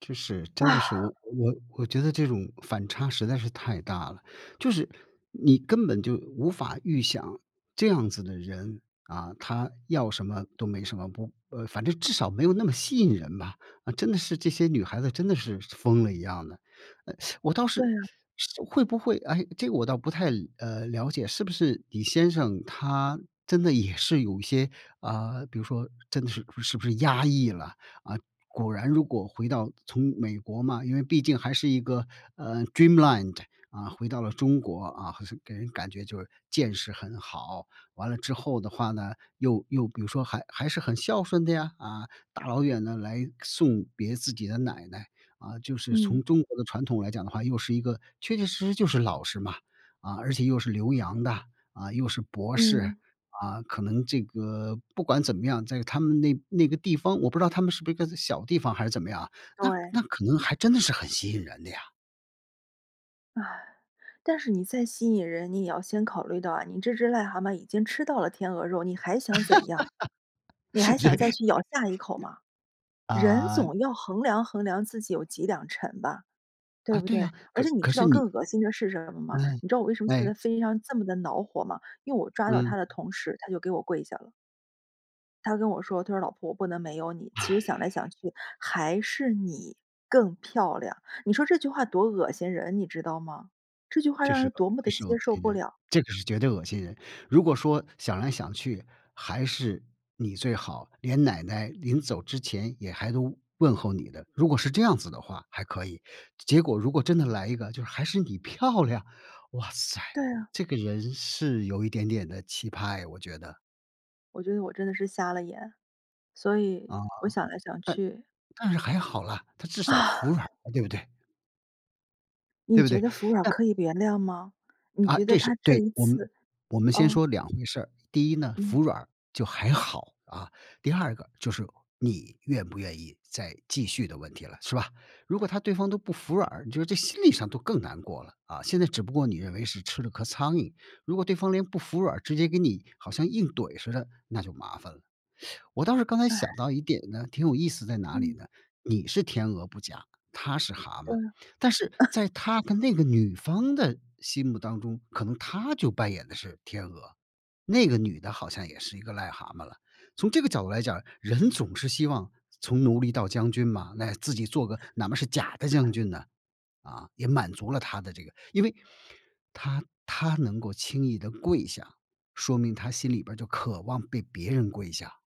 就是真的哇。是我我我觉得这种反差实在是太大了，就是你根本就无法预想这样子的人，啊，他要什么都没什么，不呃，反正至少没有那么吸引人吧，啊，真的是这些女孩子真的是疯了一样的。诶，我倒对是啊。是会不会诶，这个我倒不太，呃，了解。是不是你先生他真的也是有一些，啊，比如说真的是是不是压抑了？啊，果然如果回到从美国嘛，因为毕竟还是一个，呃，dreamland，啊，回到了中国，啊，好像给人感觉就是见识很好，完了之后的话呢又又比如说还还是很孝顺的呀，啊，大老远呢，来送别自己的奶奶。啊，就是嗯。从中国的传统来讲的话，又是一个确确实实就是老师嘛，啊，而且又是留洋的，啊，又是博士，嗯。啊，可能这个不管怎么样，在他们那那个地方，我不知道他们是不是一个小地方还是怎么样啊，那对。那可能还真的是很吸引人的呀。唉，但是你再吸引人，你也要先考虑到啊，你这只癞蛤蟆已经吃到了天鹅肉，你还想怎样？你还想再对。去咬下一口吗？人啊。总要衡量衡量自己有几两沉吧，啊，对不对呀，对？而可且你可知是道你更恶心的是什么吗？嗯，你知道我为什么现哎。在在飞机上这么地恼火吗？因为我抓到嗯。他的同时，他就给我跪下了。他跟我说，他说：“老婆不能没有你，其实想来想唉。去还是你更漂亮”，你说这句话多恶心人你知道吗？这句话这让是人个多么这地是接恶受心不人，了。这个是绝对恶心人。如果说想来想去，还是你最好连奶奶临走之前也还都问候你的，如果是这样子的话，还可以。结果如果真的来一个就是还是你漂亮，哇塞，对啊。这个人是有一点点的奇葩诶，我觉得。我觉得我真的是瞎了眼，所以啊，我想来想但-去但是还好了，他至少啊。服软儿了，对不对？对你不觉对？得服软儿那可以原谅吗？你啊，觉得这他是这对。一我们次我们先哦。说两回事儿，第一呢，嗯。服软儿就还好啊，第二个就是你愿不愿意再继续的问题了，是吧？如果他对方都不服软儿，你就是这心理上都更难过了，啊，现在只不过你认为是吃了颗苍蝇，如果对方连不服软儿直接给你好像硬怼似的，那就麻烦了。我倒是刚才想唉。到一点呢，挺有意思在哪里嗯。呢？你是天鹅不假，他是蛤对。蟆，但是在他 跟那个女方的心目当中，可能他就扮演的是天鹅，那个女的好像也是一个癞蛤蟆了。从这个角度来讲，人总是希望从奴隶到将军嘛，那自己做个哪嘛是假的将军呢，啊，也满足了他的这个因为他他能够轻易地跪下，说明他心里边儿就渴望被别人跪下。